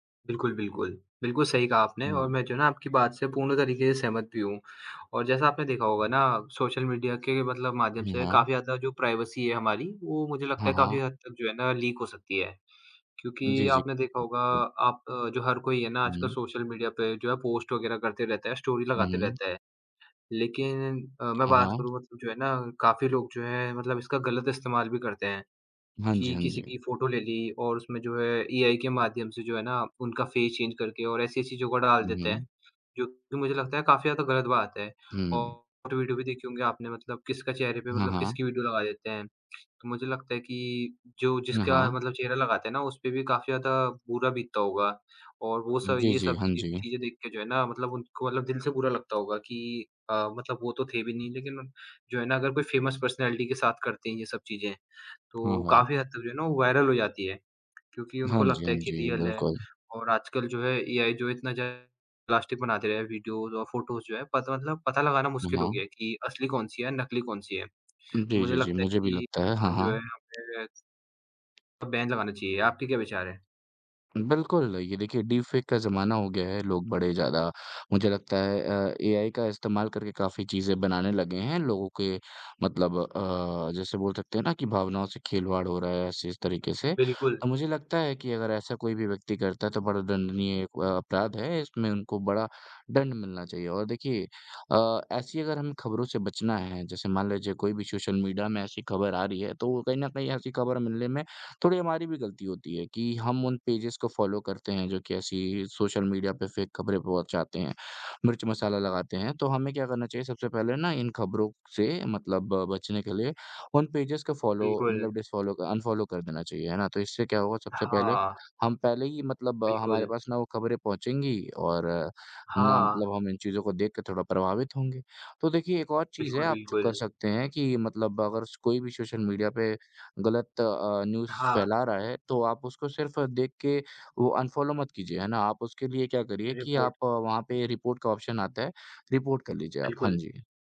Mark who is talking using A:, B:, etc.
A: बिल्कुल, बिल्कुल, बिल्कुल सही कहा आपने और
B: हुँ।
A: मैं जो है ना, आपकी बात से पूर्ण तरीके से सहमत भी हूँ। और जैसा आपने देखा होगा ना सोशल मीडिया के मतलब माध्यम
B: हुँ,
A: से काफ़ी
B: हाँ।
A: ज़्यादा जो प्राइवेसी है हमारी, वो मुझे लगता
B: हाँ,
A: है काफ़ी
B: हाँ।
A: हद तक जो है ना लीक हो सकती है। क्योंकि
B: जी, जी।
A: आपने देखा होगा आप जो हर कोई है ना आजकल
B: हुँ।
A: सोशल मीडिया पे जो है पोस्ट वगैरह करते रहते है, स्टोरी
B: हुँ,
A: लगाते
B: हुँ।
A: रहते है। लेकिन अ, मैं
B: हाँ,
A: बात
B: हाँ।
A: करूँ मतलब जो है ना काफ़ी लोग जो हैं मतलब इसका गलत इस्तेमाल भी करते हैं,
B: हाँ जी,
A: कि
B: हाँ
A: किसी
B: जी।
A: की फ़ोटो ले ली और उसमें जो है एआई के माध्यम से जो है ना उनका फेस चेंज करके और ऐसी चीज़ों का डाल
B: हुँ,
A: देते हैं,
B: हुँ।
A: जो कि मुझे लगता है काफ़ी ज़्यादा गलत बात है
B: हुँ, हुँ।
A: और वीडियो भी देखी होंगी आपने मतलब किसका चेहरे पे
B: हाँ,
A: मतलब
B: हाँ।
A: किसकी वीडियो लगा देते हैं। तो मुझे लगता है कि जो
B: अ,
A: जिसका
B: हाँ।
A: मतलब चेहरा लगाते हैं ना उसपे भी काफ़ी ज़्यादा बुरा बीतता होगा और वो
B: हुँ,
A: सब
B: जी,
A: ये
B: जी।
A: सब
B: हाँ
A: ची
B: जी।
A: चीज़ें देख के जो है ना मतलब उनको मतलब दिल से बुरा लगता होगा कि अ, मतलब वो तो थे भी नहीं लेकिन जो है ना, अगर कोई फेमस पर्सनैलिटी के साथ करते हैं ये सब चीज़ें,
B: हाँ,
A: तो
B: हाँ।
A: काफ़ी हद तक जो है ना वो वायरल हो जाती है। क्योंकि
B: हाँ
A: उनको
B: जी,
A: लगता
B: हाँ
A: है कि
B: जी,
A: रियल है
B: बिल्कुल।
A: और आजकल जो है एआई जो इतना ज़्यादा प्लास्टिक बनाते रहे हैं, वीडियोज़ और फ़ोटोज़ जो हैं, पत मतलब पता लगाना
B: उ,
A: मुश्किल हो
B: हाँ।
A: गया है कि असली कौन-सी है, नकली कौन-सी है? तो
B: जी,
A: मुझे
B: जी, जी।
A: लगता है
B: मुझे भी
A: कि
B: लगता है, हाँ,
A: हम जो है
B: हाँ।
A: हमें अब बैन लगाना चाहिए, आपके क्या विचार है?
B: बिल्कुल, ये देखिए डीप फेक का ज़माना हो गया है, लोग बड़े ज़्यादा मुझे लगता है अ अ, एआई का इस्तेमाल करके काफ़ी चीज़ें बनाने लगे हैं लोगों के मतलब अ, जैसे बोल सकते हैं ना कि भावनाओं से खिलवाड़ हो रहा है ऐसे इस तरीके से,
A: बिल्कुल।
B: तो मुझे लगता है कि अगर ऐसा कोई भी व्यक्ति करता है, तो बड़ा दंडनीय एक अपराध है, इसमें उनको बड़ा दंड मिलना चाहिए और देखिए अ, ऐसी अगर हम खबरों से बचना है जैसे मान लीजिए कोई भी सोशल मीडिया में ऐसी खबर आ रही है, तो कहीं न कहीं ऐसी खबर मिलने में थोड़ी हमारी भी गलती होती है कि हम उन पेजेज़ को फ़ॉलो करते हैं, जो कि ऐसी सोशल मीडिया पे फेक खबरें पहुँचाते हैं, मिर्च मसाला लगाते हैं। तो हमें क्या करना चाहिए सबसे पहले ना इन खबरों से मतलब बचने के लिए उन पेजेज़ को फ़ॉलो
A: बिल्कुल।
B: मतलब डिस फ़ॉलो अनफ़ॉलो कर देना चाहिए, है ना? तो इससे क्या होगा सबसे पहले
A: हाँ।
B: हम पहले ही मतलब हमारे
A: बिल्कुल।
B: पास ना वो खबरें पहुँचेंगी और ना
A: हाँ।
B: मतलब हम इन चीज़ों को देख के थोड़ा प्रभावित होंगे। तो देखिए एक और चीज़ है
A: बिल्कुल,
B: आप जो कर
A: बिल्कुल।
B: सकते हैं कि मतलब अगर स कोई भी सोशल मीडिया पे गलत अ, न्यूज़
A: हाँ।
B: फैला रहा है, तो आप उसको सिर्फ़ देख के वो अनफ़ॉलो मत कीजिए है ना, आप उसके लिए क्या करिए कि
A: रिपोर्ट।
B: आप वहाँ पे रिपोर्ट का ऑप्शन आता है रिपोर्ट कर लीजिए आप। हाँ
A: बिल्कुल।
B: जी।